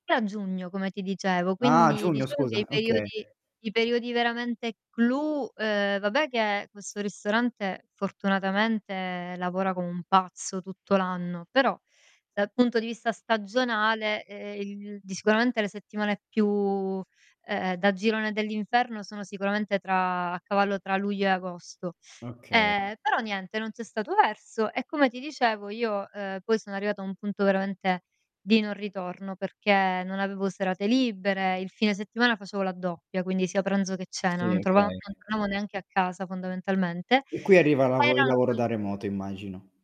E a giugno come ti dicevo, Ah, quindi giugno diciamo che i scusa, okay. periodi i periodi veramente clou ehm, vabbè che questo ristorante fortunatamente lavora come un pazzo tutto l'anno, però dal punto di vista stagionale, ehm, il di sicuramente le settimane più, ehm, da girone dell'inferno sono sicuramente tra a cavallo tra luglio e agosto. Oka Ehm, però niente, non c'è stato verso, e come ti dicevo io, uhm, poi sono arrivata a un punto veramente di non ritorno, perché non avevo serate libere. Il fine settimana facevo la doppia, quindi sia pranzo che cena, Sì, non trova non okay. tornavo neanche a casa fondamentalmente. E qui arriva Poi lavo il erano lavoro sul da remoto immagino.